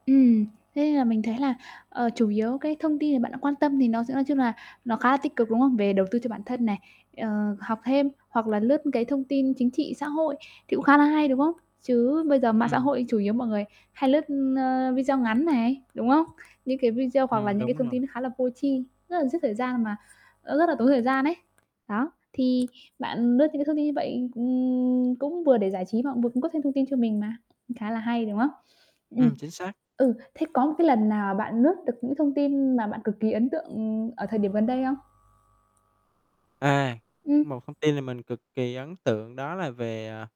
Ừm, thế nên là mình thấy à, ờ, chủ yếu, cái, thông tin mà bạn đang quan tâm thì nó sẽ nói chung là nó khá là tích cực, đúng không? Về đầu tư cho bản thân này, ờ, học thêm, hoặc là lướt, cái, thông tin chính trị xã hội thì cũng khá là hay, đúng không? Chứ bây giờ mạng xã Ừm. hội chủ yếu mọi người hay lướt, ơ, video ngắn này, đúng không? Những cái video hoặc là Ừm, những cái đúng thông rồi. tin nó khá là vô tri, rất là giết thời gian mà nó rất là tốn thời gian ấy. Đó, thì bạn lướt những cái thông tin như vậy, ừm, cũng vừa để giải trí mà cũng vừa cung cấp thêm thông tin cho mình mà, khá là hay, đúng không? Ừm, Ừm, chính xác. ừ, thế có một cái lần nào mà bạn lướt được những thông tin mà bạn cực kỳ ấn tượng, ừm, ở thời điểm gần đây không? À, Ừm. một thông tin là mình cực kỳ ấn tượng đó là về, à